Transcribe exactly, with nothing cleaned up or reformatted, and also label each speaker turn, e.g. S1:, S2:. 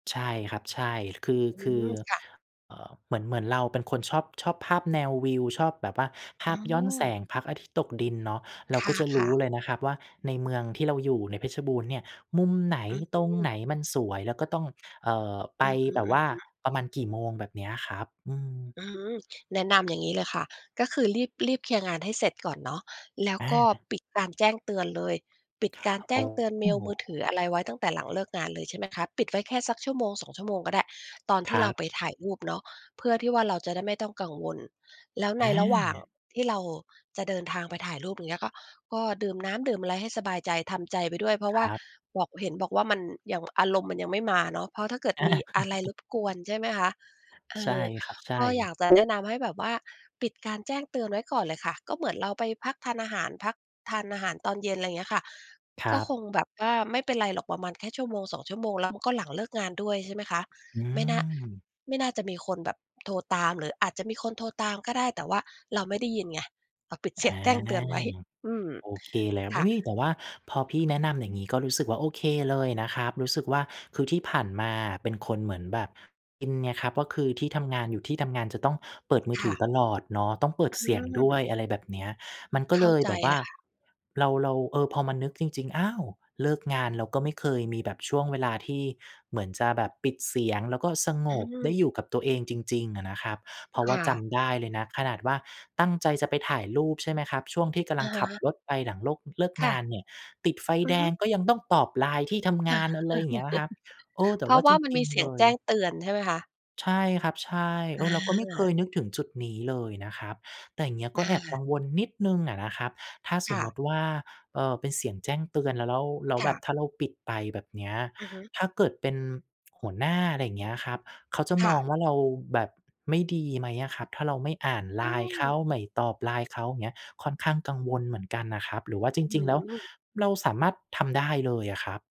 S1: ใช่ครับ ใช่ คือ
S2: อื
S1: คื
S2: ม
S1: อ
S2: ค่ะ
S1: เอ่อ เหมือน เหมือนเราเป็นคนชอบ ชอบภาพแนววิว ชอบแบบว่าภ
S2: อ๋
S1: าพย้อนแส
S2: อ
S1: งพระอาทิตย์ตกดินเนาะ เรา
S2: ค
S1: ก็จะร
S2: ่
S1: ู
S2: ะ
S1: ้
S2: ๆ
S1: เลยนะครับว่า ในเมืองที่เราอยู่ในเพชรบูรณ์เนี่ยมุมไหน
S2: อ
S1: ตรง
S2: ือ
S1: ไหนมันสวย แล้วก็ต้อง เอ่อ ไ
S2: อ
S1: ป
S2: ือฮึ
S1: แบบว่า
S2: ๆ
S1: ประมาณกี่โมงแบบเนี้ยอะครับ อืม
S2: อืม แนะนำอย่างงี้เลยค่ะ ก็คือรีบ รีบเคลียร์งานให้เสร็จก่อนเนาะ แล้ว
S1: อ
S2: ก็
S1: า
S2: ปิดการแจ้งเตือนเลย ปิดการแจ
S1: โอ
S2: ้
S1: ้
S2: งเตือนเมล มือถืออะไรไว้ตั้งแต่หลังเลิกงานเลย ใช่ไหมคะ ปิดไว้แค่สัก ชั่วโมงสอง ชั่วโมงก็ได้ ตอนท
S1: ค
S2: ี่
S1: ร
S2: เราไป
S1: ับ
S2: ถ่ายรูปเนาะ เพื่อที่ว่าเราจะได้ไม่ต้องกังวล แล้วในระหว่าง
S1: อา
S2: ที่เราจะเดินทางไปถ่ายรูป อย่างเงี้ย ก็ ก็ดื่มน้ำดื่มอะไรให้สบายใจ ทำใจไปด้วยเพราะว
S1: ค
S2: ่า
S1: รับ
S2: บอก เห็นบอกว่ามันยังอารมณ์มันยังไม่มาเนาะ เพราะถ้าเกิด
S1: อา
S2: มีอะไรรบกวนใช่ไหมคะ? เอ
S1: ใช่
S2: อ
S1: ครับ ใช
S2: ก็อยา
S1: ่
S2: กจะแนะนำให้แบบว่า ปิดการแจ้งเตือนไว้ก่อนเลยค่ะ ก็เหมือนเราไปพักทานอาหาร พัก ทานอาหารตอนเย็น อะไรอย่างเงี้ยค่ะ
S1: คร
S2: ก็
S1: ั
S2: คง
S1: บ
S2: แบบว่าไม่เป็นไรหรอกประมาณแค่ ชั่วโมงสอง ชั่วโมง แล้ว ม ก็หลังเลิกงานด้วยใช่ไหมคะ?
S1: อื
S2: ไม่น่า
S1: ม
S2: ไม่น่าจะมีคนแบบโทรตาม หรืออาจจะมีคนโทรตามก็ได้ แต่ว่าเราไม่ได้ยินไง เราปิด เ
S1: อ
S2: สียง
S1: า
S2: แจ้งเตือนไว้ อืม
S1: โอเค เลยครับ
S2: ค
S1: อ
S2: ่ะ
S1: ุ๊ย! แต่ว่าพอพี่แนะนำอย่างงี้ก็รู้สึกว่า โอเคเลยนะครับ รู้สึกว่า คือที่ผ่านมาอะเป็นคนเหมือนแบบอินไงครับ ก็คือที่ทำงาน อยู่ที่ทำงานจะต้องเปิดมือ
S2: ค
S1: ถื
S2: ่
S1: อ
S2: ะ
S1: ตลอดเนาะ ต้องเปิด
S2: อ
S1: เส
S2: ื
S1: ียงด้วย
S2: ม
S1: อะไรแบบเนี้ย มันก็
S2: เข
S1: เ
S2: ้
S1: ล
S2: า
S1: ย
S2: ใจ
S1: แบบว
S2: เ
S1: ่
S2: ล
S1: า
S2: ยค่ะ
S1: เรา เรา เออ พอมานึกจริง ๆ อ้าว! เลิกงานเราก็ไม่เคยมีแบบช่วงเวลาที่เหมือนจะแบบปิดเสียง แล้วก็สง
S2: อื
S1: บได้อ
S2: ม
S1: ยู่กับตัวเองจริง ๆ อะนะครับ เพราะว
S2: ค
S1: ่า
S2: ่
S1: จ
S2: ะ
S1: ำได้เลยนะ ขนาดว่าตั้งใจจะไปถ่ายรูป ใช่ไหมครับ? ช่วงที่กำล
S2: อ
S1: ั
S2: ะ
S1: งขั
S2: ฮ
S1: บ
S2: ะ
S1: รถไปหลังโลก เลิก
S2: ค
S1: ง
S2: ่
S1: าน
S2: ะ
S1: เนี่ย ติดไฟ
S2: อ
S1: แ
S2: ื
S1: ด
S2: อฮึ
S1: ง ก็ยังต้องตอบไลน์ที่ทำง
S2: อา
S1: าน อ เลยอย่างเงี้ยครับ เออ แต
S2: เพ
S1: ่
S2: รา
S1: ว่
S2: ะ
S1: า
S2: ว่
S1: จ
S2: ามัน
S1: ริ
S2: ม
S1: ง
S2: ีเส
S1: ๆ
S2: ี
S1: เ
S2: ย
S1: ล
S2: งแจ้
S1: ย
S2: งเตือนใช่ไหมคะ?
S1: ใช่ครับ ใช่ เ
S2: อ
S1: ออ เราก็ไม่เค
S2: า
S1: ยนึกถึงจุดนี้เลยนะครับ แต่อย่างเงี้ย
S2: อ
S1: ก็
S2: า
S1: แอบกังวลนิดหนึ่งอะนะครับ ถ้าส
S2: ค
S1: ม
S2: ่
S1: ม
S2: ะ
S1: ติว่า เอ่อ เป็นเสียงแจ้งเตือนเราแล้ว แล้ว
S2: ค่
S1: แบบ
S2: ะ
S1: ถ้าเราปิดไปแบบเนี้ย
S2: อือฮึ
S1: ถ้าเกิดเป็น หัวหน้า อะไรอย่างเงี้ยครับ เขาจะ
S2: ค
S1: ม
S2: ่ะ
S1: องว่าเราแบบไม่ดีไหมอะครับ? ถ้าเราไม่อ่านไ
S2: อ
S1: ล
S2: ื
S1: น์เข
S2: ม
S1: า ไม่ตอบไลน์เขาเงี้ย ค่อนข้างกังวลเหมือนกันนะครับ หรือว่าจ
S2: อื
S1: ริง ๆ แล้ว
S2: อ
S1: เราสามารถทำได้เลยอะครับ?